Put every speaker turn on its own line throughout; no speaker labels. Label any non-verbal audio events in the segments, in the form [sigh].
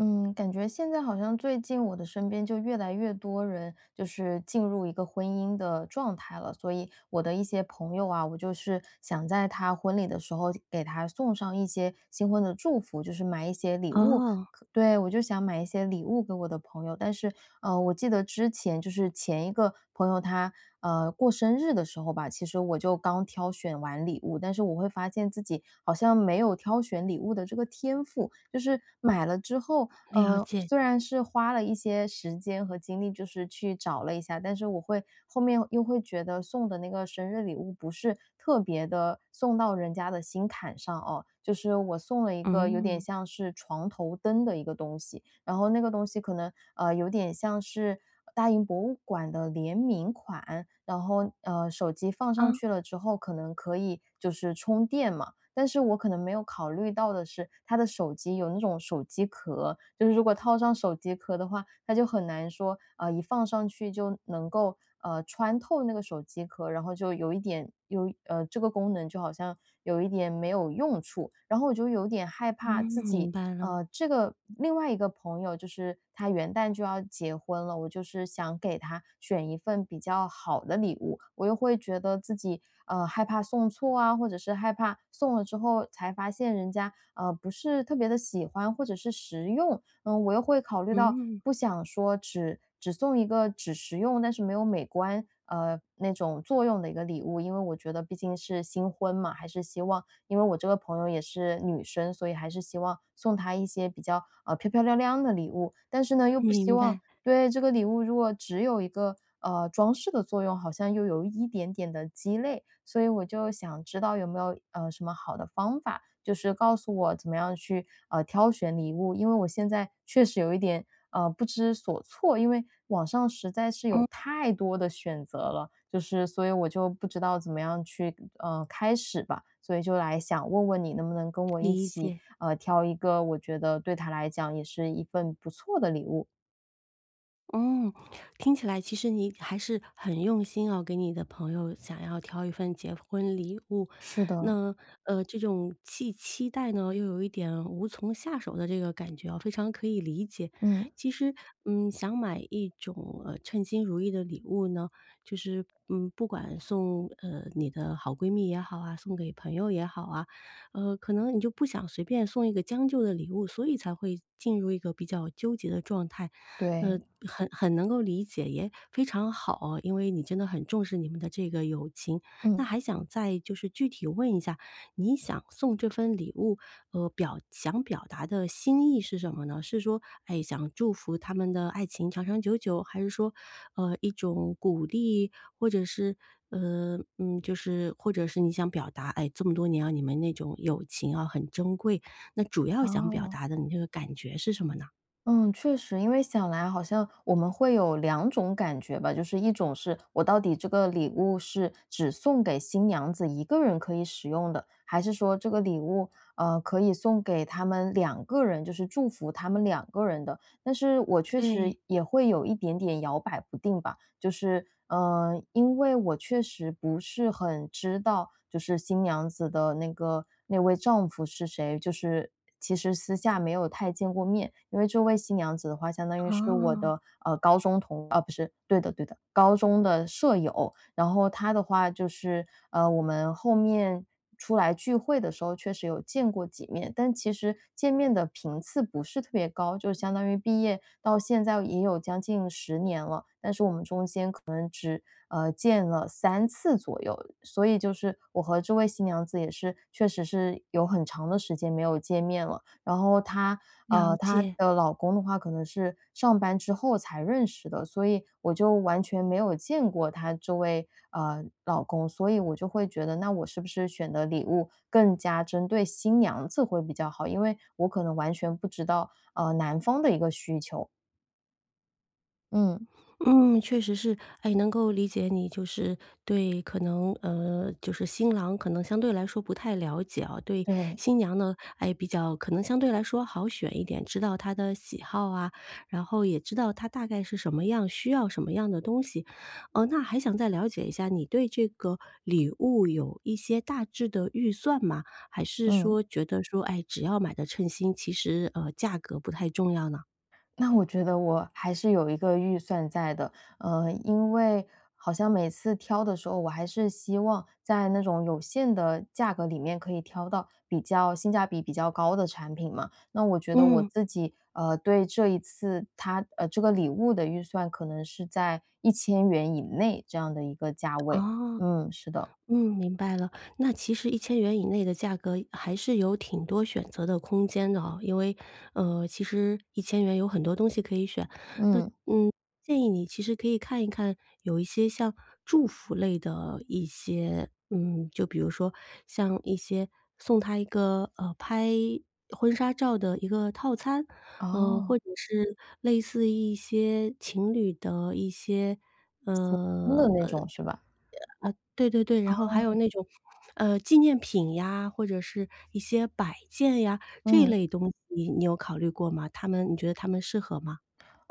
嗯，感觉现在好像，最近我的身边就越来越多人，就是进入一个婚姻的状态了。所以，我的一些朋友啊，我就是想在她婚礼的时候给她送上一些新婚的祝福，就是买一些礼物，
哦。
可对，我就想买一些礼物给我的朋友。但是，呃，我记得之前就是前一个朋友她，呃，过生日的时候吧，其实我就刚挑选完礼物，但是我会发现自己好像没有挑选礼物的这个天赋。就是买了之后，
了
呃，
解。
虽然是花了一些时间和精力，就是去找了一下，但是我会后面又会觉得送的那个生日礼物，不是特别地送到人家的心坎上哦。就是我送了一个有点
嗯。
像是床头灯的一个东西，然后那个东西可能呃，有点像是大英博物馆的联名款，然后，呃，手机放上
啊。
去了之后，可能可以就是充电嘛。但是我可能没有考虑到的是，她的手机有那种手机壳，就是如果套上手机壳的话，它就很难说，啊，一放上去就能够，呃，穿透那个手机壳，然后就有一点有呃，这个功能就好像有一点没有用处。然后我就有点害
嗯，
怕自
明
己
白了。
呃，这个另外一个朋友就是她元旦就要结婚了，我就是想给她选一份比较好的礼物，我又会觉得自己，呃，害怕送错啊，或者是害怕送了之后才发现人家，呃，不是特别地喜欢或者是实用，嗯，我又会考虑到
嗯。
不想说只只送一个只实用但是没有美观，呃，那种作用的一个礼物。因为我觉得毕竟是新婚嘛，还是希望因为我这个朋友也是女生，所以还是希望送她一些比较，呃，漂漂亮亮的礼物，但是呢，又不希
明
望
白。
对，这个礼物如果只有一个，呃，装饰的作用好像又有一点点地鸡肋。所以我就想知道有没有，呃，什么好的方法，就是告诉我怎么样去，呃，挑选礼物。因为我现在确实有一点，呃，不知所措，因为网上实在是有
嗯。
太多的选择了，就是所以我就不知道怎么样去，呃，开始吧，所以就来想问问你，能不能跟我一
理
起，
解。
呃，挑一个我觉得对她来讲也是一份不错的礼物？
嗯，听起来其实你还是很用心哦，给你的朋友想要挑一份结婚礼物。
是的。
那，呃，这种既期待呢，又有一点无从下手的这个感觉哦，非常可以理解。
嗯。
其实，嗯，想买一种，呃，称心如意的礼物呢，就是，嗯，不管送，呃，你的好闺蜜也好啊，送给朋友也好啊，呃，可能你就不想随便送一个将就的礼物，所以才会进入一个比较纠结的状态。
对。
那很很能够理解，也非常好哦，因为你真的很重视你们的这个友情。那
嗯。
还想再就是具体问一下，你想送这份礼物，呃，表想表达的心意是什么呢？是说，哎，想祝福他们的爱情长长久久，还是说，呃，一种鼓励？或者是，呃，嗯，就是或者是你想表达，哎，这么多年哦，你们那种友情哦，很珍贵。那主要想表
哦。
达的你这个感觉是什么呢？
嗯，确实。因为想来好像我们会有2种感觉吧，就是一种是我到底这个礼物是只送给新娘子1个人可以使用的，还是说这个礼物，呃，可以送给他们2个人，就是祝福他们2个人的。但是我确
对。
实也会有一点点摇摆不定吧，就是，呃，因为我确实不是很知道，就是新娘子的那个那位丈夫是谁，就是其实私下没有太见过面。因为这位新娘子的话相当于是我
哦。
的，呃，高中同啊，不是对的，对的，高中的舍友。然后她的话就是，呃，我们后面出来聚会的时候，确实有见过几面，但其实见面的频次不是特别高，就相当于毕业到现在也有将近10年了，但是我们中间可能只，呃，见了3次左右。所以就是我和这位新娘子也是，确实是有很长的时间没有见面了，然后她呃，
了
她
解。
的老公的话可能是，上班之后才认识的，所以我就完全没有见过她这位，呃，老公。所以我就会觉得，那我是不是选的礼物更加针对新娘子会比较好？因为我可能完全不知道，呃，男方的一个需求。嗯。
嗯，确实是。哎，能够理解你。就是对可能呃，就是新郎，可能相对来说不太了解哦。对
对。
新娘呢，哎，比较可能相对来说好选一点，知道她的喜好啊，然后也知道她大概是什么样，需要什么样的东西。呃，那还想再了解一下，你对这个礼物有一些大致的预算吗？还是
嗯。
说觉得说，哎，只要买得称心，其实，呃，价格不太重要呢？
那我觉得我还是有一个预算在的。呃，因为好像每次挑的时候，我还是希望在那种有限的价格里面，可以挑到比较性价比比较高的产品嘛。那我觉得我
嗯。
自己，呃，对这一次它呃，这个礼物的预算，可能是在￥1000以内，这样的一个价位。
哦，
嗯，是的。
嗯，明白了。那其实￥1000以内的价格，还是有挺多选择的空间的哦。因为，呃，其实￥1000有很多东西可以选。那
嗯。
嗯，建议你其实可以看一看，有一些像祝福类的一些，嗯，就比如说像一些送她一个，呃，拍婚纱照的一个套餐。呃，
哦。
或者是类似一些情侣的一些
普通的
呃，
那
呃，
种，
这
是
个，[unintelligible] 啊，
吧？
对对对，然后还
哦。
有那种，呃，纪念品呀，或者是一些摆件呀。这
嗯。
类东西你有考虑过吗？它们你觉得它们适合吗？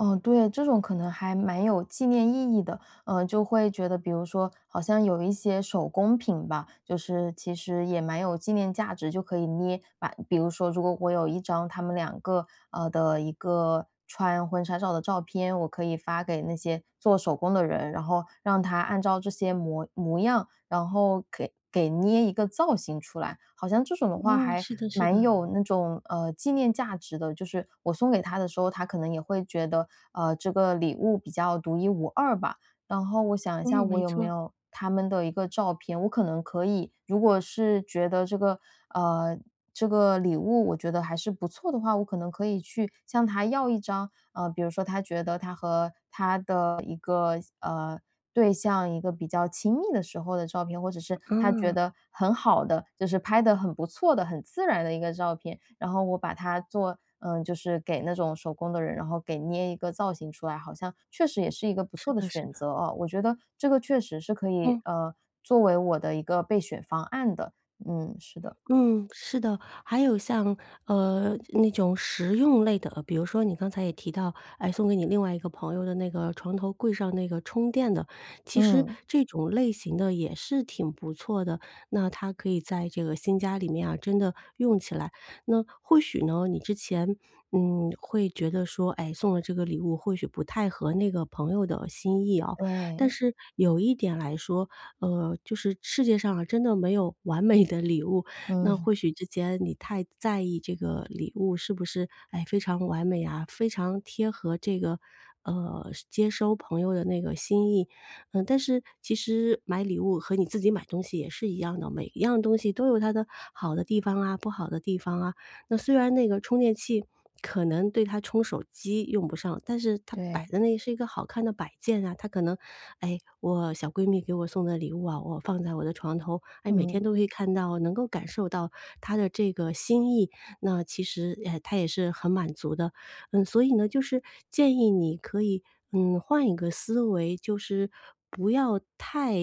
哦，对，这种可能还蛮有纪念意义的。呃，就会觉得比如说，好像有一些手工品吧，就是其实也蛮有纪念价值，就可以捏。把比如说如果我有1张他们2个呃，的一个穿婚纱照的照片，我可以发给那些做手工的人，然后让他按照这些模模样，然后可以给捏一个造型出来。好像这种的话，
嗯，
还
是的，是
蛮
的。
有那种，呃，纪念价值的。就是我送给她的时候，她可能也会觉得，呃，这个礼物比较独一无二吧。然后我想一下
嗯，
我
没
有没
错。
有他们的一个照片。我可能可以，如果是觉得这个，呃，这个礼物我觉得还是不错的话，我可能可以去向她要一张。呃，比如说她觉得她和她的一个，呃，对象，一个比较亲密的时候的照片，或者是她觉
嗯。
得很好的，就是拍得很不错的、很自然的一个照片，然后我把它做呃，就是给那种手工的人，然后给捏一个造型出来。好像确实也是一个不
是
错的
的，是
选
的。
择哦。我觉得这个确实是可以，
嗯。
呃，作为我的一个备选方案的。嗯，是的。
嗯，是的。还有像，呃，那种实用类的，比如说你刚才也提到，哎，送给你另外一个朋友的那个床头柜上那个充电的，其实
嗯。
这种类型的也是挺不错的。那她可以在这个新家里面啊，真的用起来。那，或许呢，你之前，嗯，会觉得说，哎，送了这个礼物或许不太合那个朋友的心意哦。但
对。
是，有一点来说，呃，就是世界上啊，真的没有完美的礼物。
嗯。
那
[chuckles]
或许之前你太在意这个礼物是不是，哎，非常完美呀、非常贴合这个，呃，接收朋友的那个心意。呃，但是，其实买礼物和你自己买东西也是一样的，每一样东西都有它的好的地方啊、不好的地方啊。那虽然那个充电器，可能对她冲手机用不上，但是它摆
对。
在那，是一个好看的摆件啊。她可能，“哎，我小闺蜜给我送的礼物啊，我放在我的床头。哎，每天
嗯。
都可以看到，能够感受到她的这个心意。”那其实，哎，她也是很满足的。嗯，所以呢，就是建议你可以，嗯，换一个思维，就是不要太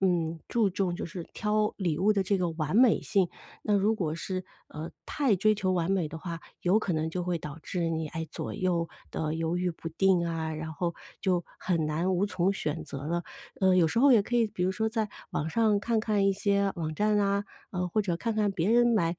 嗯，注重就是挑礼物的这个完美性。那如果是，呃，太追求完美的话，有可能就会导致你，哎，左右地犹豫不定啊，然后就很难无从选择了。呃，有时候也可以，比如说在网上看看一些网站啊，呃，或者看看别人买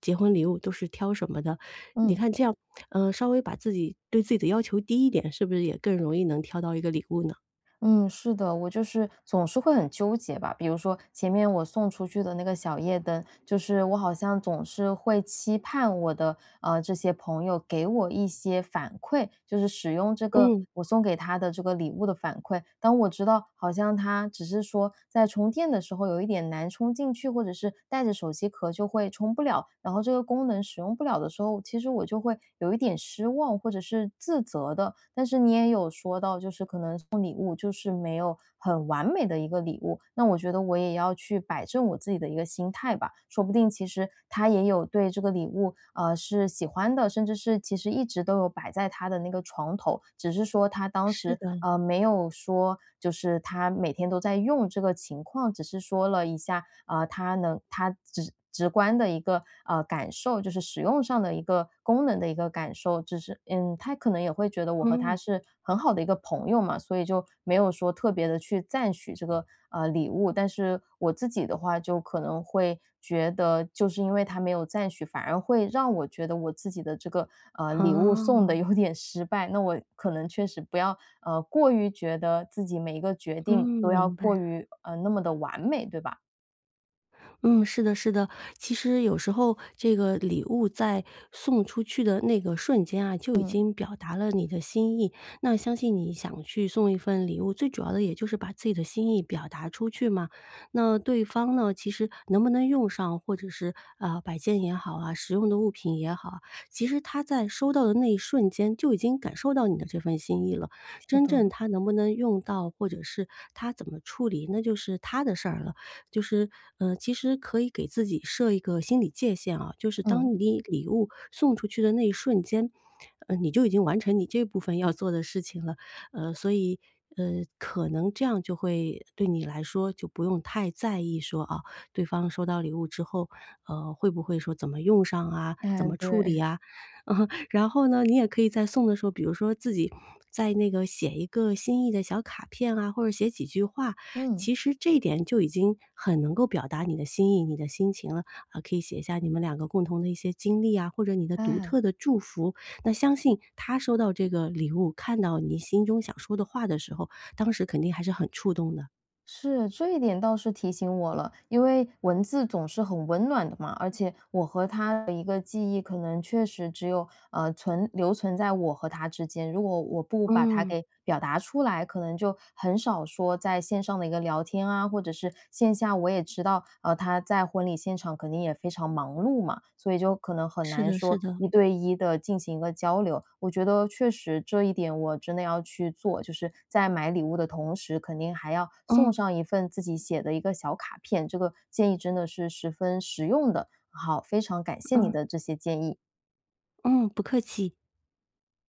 结婚礼物都是挑什么的。你
嗯。
看这样，呃，稍微把自己对自己的要求低一点，是不是也更容易能挑到一个礼物呢？
嗯，是的，我就是总是会很纠结吧，比如说前面我送出去的那个小夜灯，就是我好像总是会期盼我的，呃，这些朋友给我一些反馈，就是使用这个
嗯。
我送给她的这个礼物的反馈。当我知道好像它只是说，在充电的时候有一点难充进去，或者是带着手机壳就会充不了，然后这个功能使用不了的时候，其实我就会有一点失望或者是自责的。但是你也有说到，就是可能送礼物就是没有很完美的一个礼物，那我觉得我也要去摆正我自己的一个心态吧，说不定其实她也有对这个礼物，呃，是喜欢的，甚至是其实一直都有摆在她的那个床头。只是说她当
是
时，
的。
呃，没有说，就是她每天都在用这个情况，只是说了一下，啊，她能她直直观的一个，呃，感受，就是使用上的一个功能的一个感受。只是嗯，她可能也会觉得，我和她
嗯。
是很好的一个朋友嘛，所以就没有说特别地去赞许这个，呃，礼物。但是我自己的话就可能会觉得，就是因为她没有赞许，反而会让我觉得我自己的这个，呃，礼物送得
哦。
有点失败，那我可能确实不要，呃，过于觉得自己每一个决
嗯，
定都要
明白
过
了。
于，呃，那么地完美，对吧？
嗯，是的是的。其实有时候这个礼物在送出去的那个瞬间啊，就已
嗯。
经表达了你的心意，那相信你想去送一份礼物，最主要的也就是把自己的心意表达出去嘛。那对方呢，其实能不能用上，或者是，呃，摆件也好啊，实用的物品也好啊，其实她在收到的那一瞬间就已经感受到你的这份心意了。
是
真正
的。
她能不能用到，或者是她怎么处理，那就是她的事儿了。就是，呃，其实可以给自己设一个心理界限哦，就是
嗯。
当你礼物送出去的那一瞬间，呃，你就已经完成你这部分要做的事情了。呃，所以呃，可能这样就会对你来说，就不用太在意说，哦，对方收到礼物之后，呃，会不会说怎么用上啊？怎
哎，
么处理
对。
啊？嗯，然后呢，你也可以在送的时候，比如说自己在那个写一个心意的小卡片啊，或者写几句话，
嗯。
其实这一点就已经很能够表达你的心意，你的心情了。啊，可以写一下你们2个共同的一些经历啊，或者你的独
哎。
特的祝福，那相信她收到这个礼物，看到你心中想说的话的时候，当时肯定还是很触动的。
是，这一点倒是提醒我了。因为文字总是很温暖的嘛，而且我和她的一个记忆可能确实只有，呃，存留存在我和她之间，如果我不把它
嗯。
给表达出来，可能就很少说在线上的一个聊天啊，或者是线下我也知道，呃，她在婚礼现场肯定也非常忙碌嘛，所以就可能很
是
难
的，
说
是的。
一对一地进行一个交流。我觉得确实这一点我真的要去做，就是在买礼物的同时，肯定还要送
嗯。
上一份自己写的一个小卡片，这个建议真的是十分实用的。好，非常感谢你
嗯。
的这些建议。
嗯，不客气。